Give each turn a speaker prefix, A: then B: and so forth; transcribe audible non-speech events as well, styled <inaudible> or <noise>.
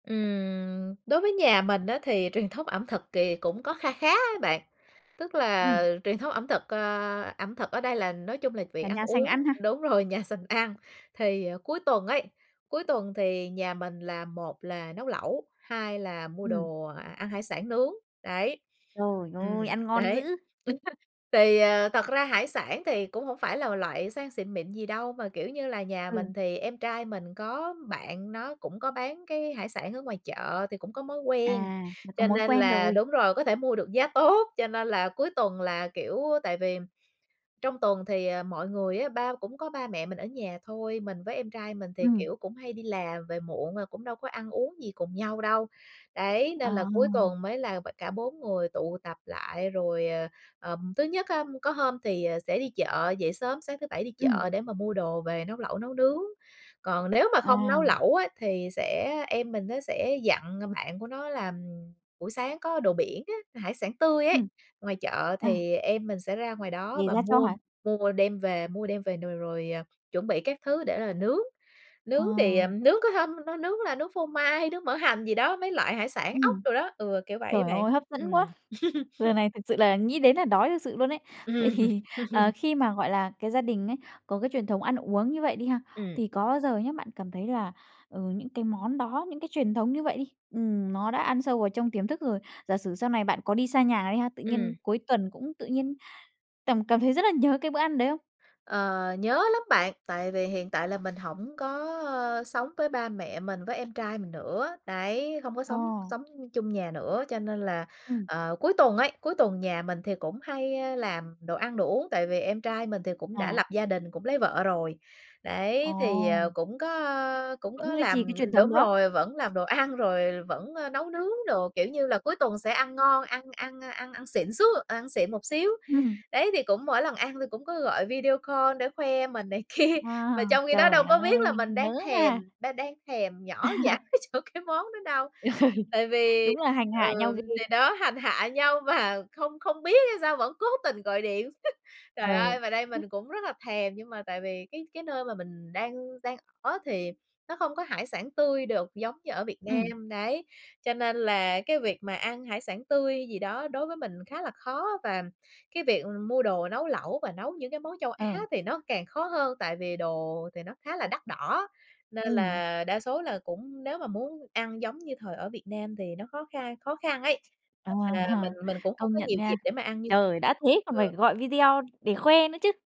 A: Ừm, đối với nhà mình á thì truyền thống ẩm thực kìa cũng có kha khá á bạn, tức
B: Ừm.
A: là truyền thống ẩm thực, ơ, ẩm thực ở đây là nói chung là việc
B: Cả
A: ăn
B: nhà sành
A: uống
B: ăn ha.
A: đúng rồi, nhà sành ăn. Thì cuối tuần ấy, cuối tuần thì nhà mình là một là nấu lẩu, hai là mua
B: Ừm.
A: đồ ăn hải sản nướng, đấy,
B: Trời
A: ừm,
B: ơi, ăn ngon dữ!
A: đấy,. <unintelligible> Thì, ờ, thật ra hải sản thì cũng hổng phải là loại sang xịn mịn gì đâu, mà, kiểu như là, nhà
B: Ừ.
A: mình thì em trai mình có bạn nó cũng có bán cái hải sản ở ngoài chợ thì cũng có mối quen,
B: À, là có
A: cho
B: mối
A: nên
B: quen
A: là
B: rồi.
A: đúng rồi, có thể mua được giá tốt, cho nên là cuối tuần là, kiểu, tại vì trong tuần thì, ờ, mọi người á ba cũng có ba mẹ mình ở nhà thôi, mình với em trai mình thì,
B: Ừm.
A: kiểu, cũng hay đi làm về muộn rồi cũng đâu có ăn uống gì cùng nhau đâu. Đấy, nên là cuối
B: Ờ.
A: tuần mới là b cả 4 người tụ tập lại rồi, ờ, ờm, thứ nhất á, có hôm thì, à, sẽ đi chợ, dậy sớm, sáng thứ Bảy đi
B: Ừm.
A: chợ để mà mua đồ về nấu lẩu nấu nướng. Còn nếu mà không nấu
B: À.
A: lẩu á thì sẽ em mình nó sẽ dặn, ờ, bạn của nó là buổi sáng có đồ biển á, hải sản tươi ấy,
B: Ừm,
A: ngoài chợ
B: à.
A: thì em mình sẽ ra ngoài đó và
B: <unintelligible> cho
A: mua
B: hả?
A: mua đem về mua đem về nồi rồi chuẩn bị các thứ để là nướng. Nướng thì, à,
B: Ờ.
A: nướng có hôm nó nướng là nướng phô mai, nướng mỡ hành gì đó, mấy loại hải sản ốc
B: Ừm.
A: đồ đó, ừ, kiểu vậy á
B: Trời
A: bạn.
B: ơi hấp dẫn quá!
A: Ừm. <laughs>
B: Giờ này thực sự là nghĩ đến là đói thực sự luôn ấy. Vậy
A: Ừm.
B: thì, ờ,
A: <laughs>
B: khi mà, gọi là, cái gia đình ấy, có cái truyền thống ăn uống như vậy đi ha,
A: Ừm.
B: thì có bao giờ nhá, bạn cảm thấy là, ừ, những cái món đó, những cái truyền thống như vậy đi, ừm, nó đã ăn sâu vào trong tiềm thức rồi, giả sử sau này bạn có đi xa nhà đi ha, tự nhiên
A: Ừm.
B: cuối tuần cũng tự nhiên cảm cảm thấy rất là nhớ cái bữa ăn đấy không?
A: Ờ, nhớ lắm bạn, tại vì hiện tại là mình hổng có sống với ba mẹ mình với em trai mình nữa, đấy, không có sống
B: Ờ.
A: sống chung nhà nữa, cho nên là,
B: Ừm.
A: ờ, cuối tuần ấy, cuối tuần nhà mình thì cũng hay, ơ, làm đồ ăn đồ uống, tại vì em trai mình thì cũng đã
B: À.
A: lập gia đình, cũng lấy vợ rồi. Đấy, thì, ờ,
B: Ồ.
A: cũng có, ơ, cũng
B: Vẫn
A: có
B: duy trì
A: làm
B: cái truyền thống
A: đúng
B: đó.
A: rồi, vẫn làm đồ ăn rồi vẫn, ơ, nấu nướng đồ, kiểu như là, cuối tuần sẽ ăn ngon, ăn ăn ăn ăn xịn xú ăn xịn một xíu.
B: Ừm.
A: Đấy thì cũng mỗi lần ăn thì cũng có gọi video call để khoe mình này kia,
B: À,
A: mà trong khi đó đâu
B: trời
A: có biết là
B: ơi,
A: mình
B: nhớ
A: đang thèm,
B: ha!
A: đang đang thèm nhỏ dãi
B: <laughs>
A: chỗ cái món đó đâu.
B: <laughs>
A: Tại vì,
B: Đúng là hành hạ nhau
A: ừm, thì
B: ghê.
A: đó hành hạ nhau mà không không biết hay sao vẫn cố tình gọi điện. <laughs> Trời
B: Ờ.
A: ơi mà đây
B: <unintelligible>
A: mình cũng rất là thèm nhưng mà tại vì cái cái nơi mà mình đang đang ở thì nó không có hải sản tươi được giống như ở Việt
B: Ừm.
A: Nam, đấy. Cho nên là cái việc mà ăn hải sản tươi gì đó đối với mình khá là khó, và cái việc mua đồ nấu lẩu và nấu những cái món châu Á
B: Ờ.
A: thì nó càng khó hơn, tại vì đồ thì nó khá là đắt đỏ. Nên
B: Ừm.
A: là đa số là cũng nếu mà muốn ăn giống như thời ở Việt Nam thì nó khó khăn khó khăn ấy,
B: Ờ,
A: nên là mình mình cũng không
B: công
A: có
B: nhận
A: nhiều dịp
B: nha.
A: để mà ăn như
B: Trời, đã thế còn phải
A: ừ.
B: gọi video để khoe nữa chứ.